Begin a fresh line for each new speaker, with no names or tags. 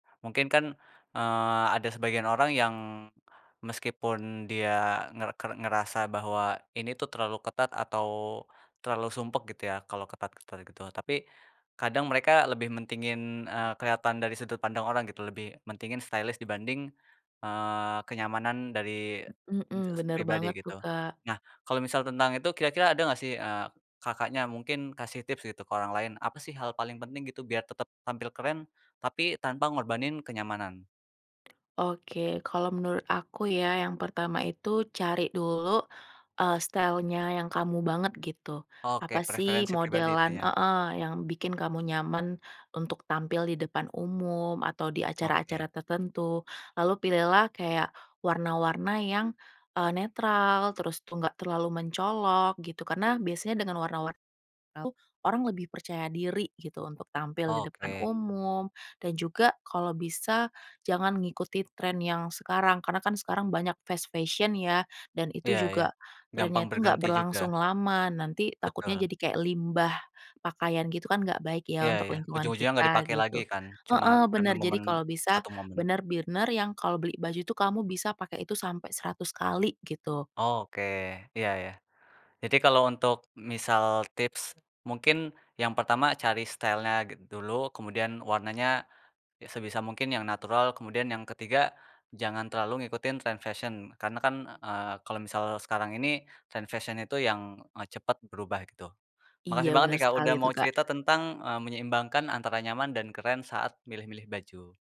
Mungkin kan, eee, ada sebagian orang yang meskipun dia nger ke ngerasa bahwa ini tuh terlalu ketat atau terlalu sumpek gitu ya, kalau ketat-ketat gitu. Tapi kadang mereka lebih mentingin, eee, keliatan dari sudut pandang orang gitu, lebih mentingin stylish dibanding, eee, kenyamanan dari
Mmm, mhm,
enjes
bener
pribadi
banget tuh,
gitu.
Kak.
Nah, kalau misal tentang itu, kira-kira ada nggak sih, eee, Kakaknya mungkin kasih tips gitu, ke orang lain, apa sih hal paling penting gitu, biar tetep tampil keren, tapi tanpa ngorbanin kenyamanan?
Oke, kalau menurut aku ya, yang pertama itu cari dulu, eee, style-nya yang kamu banget gitu.
Oke,
Apa sih
preferensi pribadi, itu
modelan
ya?
heeh, yang bikin kamu nyaman untuk tampil di depan umum atau di acara-acara
Oke.
tertentu, lalu pilihlah kayak warna-warna yang, eee, netral, terus tuh nggak terlalu mencolok gitu. Karena biasanya dengan warna-warna itu orang lebih percaya diri gitu, untuk tampil di depan
Oke.
umum dan juga kalau bisa jangan ngikuti tren yang sekarang, karena kan sekarang banyak fast fashion ya, dan itu
Iya iya.
juga trennya
Gampang
itu nggak
berganti juga?
berlangsung lama, nanti takutnya
Betul.
jadi kayak limbah pakaian gitu kan, nggak baik ya,
Iya
untuk
iya.
lingkungan
Ujung-ujungnya nggak
kita,
dipakai lagi
gitu.
kan, cuma
Heeh,
karena
bener, jadi
momen,
kalau bisa
satu momen.
bener-bener yang kalau beli baju tuh, kamu bisa pakai itu sampai 100 kali gitu.
Oke, iya iya. Jadi kalau untuk misal tips, mungkin yang pertama cari style-nya git dulu, kemudian warnanya, ya sebisa mungkin yang natural, kemudian yang ketiga jangan terlalu ngikutin tren fashion. Karena kan, eee, kalau misal sekarang ini, tren fashion itu yang, eee, cepet berubah gitu.
Iya,
Makasih banget
benar
nih, Kak,
sekali
udah
itu,
mau
Kak.
cerita tentang, eee, menyeimbangkan antara nyaman dan keren saat milih-milih baju.